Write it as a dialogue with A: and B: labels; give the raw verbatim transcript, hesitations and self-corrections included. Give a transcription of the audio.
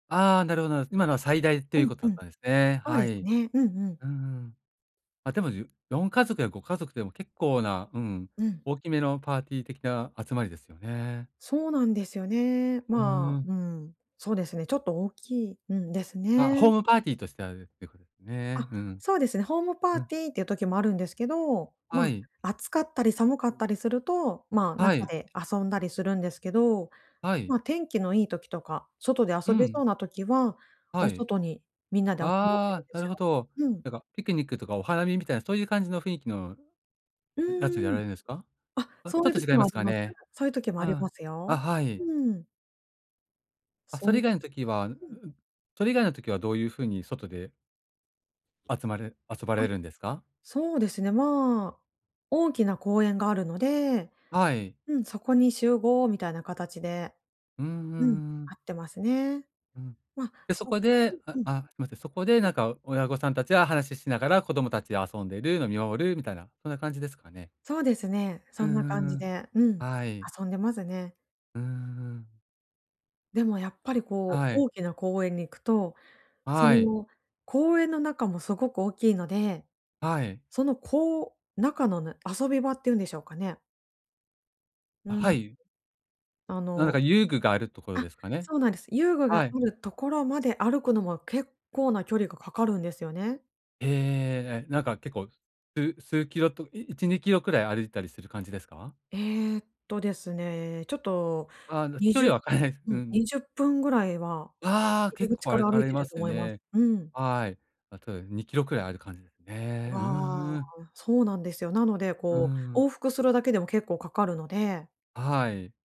A: ああ、なるほどなるほど。今のは最大って
B: う
A: いう
B: ん
A: こと
B: う
A: だっ
B: ん。
A: たんですね。
B: そう
A: は
B: です
A: い。
B: ね、うんうん。
A: うん。あ、でもじゅよんかぞくやごかぞくでも結構な、うん、
B: うん。
A: 大きめのパーティー的な集まりですよね。
B: そうなんですよね。
A: う
B: まあ、う
A: ん。
B: ん。そうですね。ちょっと、大きいうん。です
A: あ、ホ
B: ね。
A: ームパーティーとしてあるっていうことですね。
B: あ、
A: うん。
B: そうですね。ホームパ
A: う
B: ー
A: ん。
B: ティーっていう時もあるんですけど、ま
A: はい。
B: あ、暑かったり寒かったりすると、まあ、
A: は
B: 中
A: い。
B: で遊んだりするんですけど、
A: はい。
B: ま、天気のいい時とか、外で
A: う
B: 遊べ
A: ん。
B: そうな時は、
A: は
B: お
A: い。
B: 外にみんなで集まってる
A: ああ、
B: んで
A: な
B: す
A: る
B: よ。
A: ほど。
B: うん。
A: なんかピクニックとかお花見みたいなそういう感じの雰囲気の
B: う
A: やつをや
B: ー
A: ら
B: ん。
A: れるんですか？
B: あ、
A: お、ち
B: そ
A: ょ
B: うい
A: っ
B: う
A: と
B: 時
A: 違いま
B: もあ
A: す
B: り
A: か
B: ます。
A: ね。
B: そういう時もありま
A: あ
B: す
A: あ、
B: よ。
A: あ、はい。
B: うん。
A: あ、そ
B: そ
A: れ
B: う、
A: 以外の時はんん。
B: うん。
A: それ以外の時はどういう風に外で
B: あ、
A: 集まる遊ばれるんですか？
B: そうですね。まあ、大きな公園があるので、
A: はい。
B: うん。そこに集合みたいな形で。
A: うんう
B: うん。
A: んう
B: 会
A: ん。
B: ってますね。
A: うん。
B: まあ、
A: で、そ
B: そう。
A: こで
B: う
A: あ
B: んうん。
A: あ、すいません。そこで
B: う
A: な
B: ん。
A: んか親御さんたちは話ししながら子供たちで遊んでるの見守るみたいな、そんな感じですかね。
B: そうですね。
A: う
B: そ
A: ん
B: んな
A: う
B: 感
A: んう
B: じ
A: ん。
B: で。うん。
A: はい。
B: 遊んでますね。
A: うーん。
B: でもやっぱりこう
A: はい。
B: 大きな公園に行くと、そ
A: はい。
B: の公園の中もすごく大きいので、
A: はい。
B: そのこう中の遊び場っていうんでしょうかね。う
A: あ、は
B: ん。
A: い。
B: あ
A: なんだか
B: の、
A: 遊具があるところ
B: あ、
A: ですかね。
B: そうなんです。遊具
A: は
B: が
A: い。
B: あるところまで歩くのも結構な距離がかかるんですよね。
A: ええええええええ。なんか結構、す数キロといちにキロくらい歩いたりする感じですか？
B: えっとですね、ちょっと
A: あの
B: に
A: 距
B: じゅう
A: 離は分からないです。う
B: う
A: んう
B: ん。に
A: ん。
B: じゅっぷんぐらいは
A: わあ、
B: 入
A: 結
B: り口
A: 構
B: か
A: 歩
B: ら歩
A: か
B: い
A: れ
B: てる
A: ま
B: と
A: す
B: 思います。
A: ね。
B: うん。
A: はい。あとにキロくらいある感じですね。うーん。
B: わ
A: うん。
B: あ、そうなんですよ。なので、
A: う
B: こう、
A: ん。
B: 往復するだけでも結構かかるので。
A: はい。